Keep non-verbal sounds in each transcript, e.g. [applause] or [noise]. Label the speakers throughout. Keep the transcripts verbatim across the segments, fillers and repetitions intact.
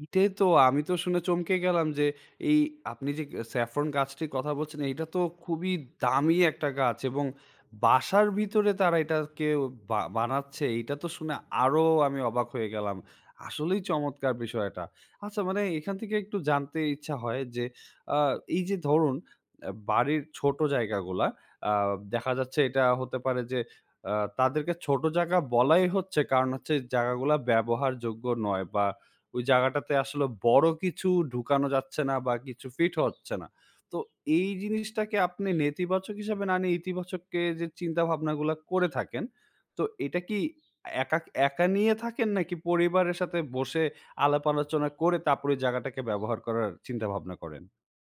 Speaker 1: এটাই তো! আমি তো শুনে চমকে গেলাম যে, এই আপনি যে স্যাফরন গাছটির কথা বলছেন, এইটা তো খুবই দামি একটা গাছ এবং বাসার ভিতরে তারা এটাকে বা বানাচ্ছে। এইটা তো শুনে আরও আমি অবাক হয়ে গেলাম। আসলেই চমৎকার বিষয় এটা। আচ্ছা, মানে এখান থেকে একটু জানতে ইচ্ছা হয় যে, আ এই যে ধরুন অ্যা বাড়ির ছোট জায়গাগুলা, আ দেখা যাচ্ছে এটা হতে পারে যে আ তাদেরকে ছোট জায়গা বলাই হচ্ছে কারণ হচ্ছে, জায়গাগুলা ব্যবহারযোগ্য নয় বা ওই জায়গাটাতে আসলে বড় কিছু ঢুকানো যাচ্ছে না বা কিছু ফিটও হচ্ছে না। তো এই জিনিসটাকে আপনি নেতিবাচক হিসাবে না নিয়ে, ইতিবাচক কে যে চিন্তাভাবনাগুলা করে থাকেন, তো এটা কি একা একা নিয়ে থাকেন, নাকি পরিবারের সাথে বসে আলাপ-আলোচনা করে তারপর ওই জায়গাটাকে ব্যবহার করার চিন্তাভাবনা করেন?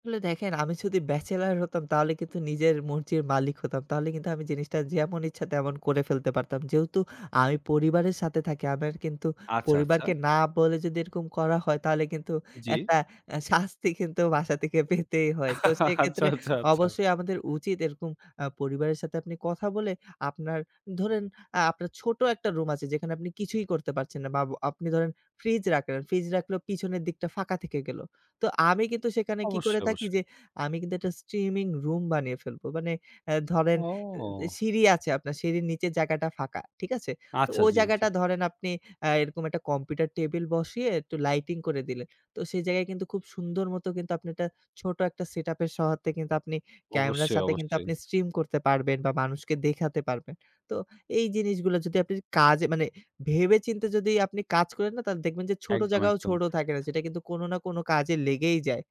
Speaker 2: আসলে দেখেন আমি যদি ব্যাচেলর হতাম, তাহলে কিন্তু নিজের মর্জির মালিক হতাম। তাহলে কিন্তু আমি জিনিসটা যেমন ইচ্ছা, তেমন করে ফেলতে পারতাম। যেহেতু আমি পরিবারের সাথে থাকি, আমার কিন্তু
Speaker 1: আচ্ছা, আচ্ছা।
Speaker 2: পরিবারকে না বলে যদি এরকম করা হয়, তাহলে কিন্তু
Speaker 1: জি।
Speaker 2: একটা অ্যা শাস্তি কিন্তু বাসা থেকে পেতেই হয়। তো
Speaker 1: [chuckles] আচ্ছা,
Speaker 2: সেক্ষেত্রে
Speaker 1: আচ্ছা, আচ্ছা।
Speaker 2: অবশ্যই আমাদের উচিত এরকম আ পরিবারের সাথে আপনি কথা বলে, আপনার ধরেন আ আপনার ছোট একটা রুম আছে, যেখানে আপনি কিছুই করতে পারছেন না। বা বো আপনি ধরেন ফ্রিজ রাখলেন। ফ্রিজ রাখলেও পিছনের দিকটা ফাঁকা থেকে গেলো। তো আমি কিন্তু সেখানে কি করে
Speaker 1: অবশ্যই,
Speaker 2: থাকি?
Speaker 1: অবশ্যই।
Speaker 2: যে, আমি কিন্তু একটা স্ট্রিমিং রুম বানিয়ে ফেলবো। মানে অ্যা ধরেন এ
Speaker 1: ও!
Speaker 2: সিঁড়ি আছে, আপনার সিঁড়ির নিচে জায়গাটা ফাঁকা। ঠিক আছে? তো
Speaker 1: আচ্ছা,
Speaker 2: ওই
Speaker 1: জি, জি।
Speaker 2: জায়গাটা ধরেন আপনি অ্যা এরকম একটা কম্পিউটার টেবিল বসিয়ে একটু লাইটিং করে দিলেন। তো সেই জায়গায় কিন্তু খুব সুন্দর মত কিন্তু আপনি একটা, ছোট একটা সেটআপের সহাত্তে কিন্তু আপনি ক্যামেরার
Speaker 1: অবশ্যই,
Speaker 2: সাথে কিন্তু
Speaker 1: অবশ্যই।
Speaker 2: আপনি স্ট্রিম করতে পারবেন বা মানুষকে দেখাতে পারবেন। তো এই জিনিসগুলো যদি আপনি কাজে মানে, ভেবে-চিন্তে যদি আপনি কাজ করেন না? তাহলে দেখবেন যে ছোট
Speaker 1: একদম,
Speaker 2: জায়গাও
Speaker 1: একদম।
Speaker 2: ছোট থাকে না, সেটা কিন্তু কোনো না কোনো কাজে লেগেই যায়।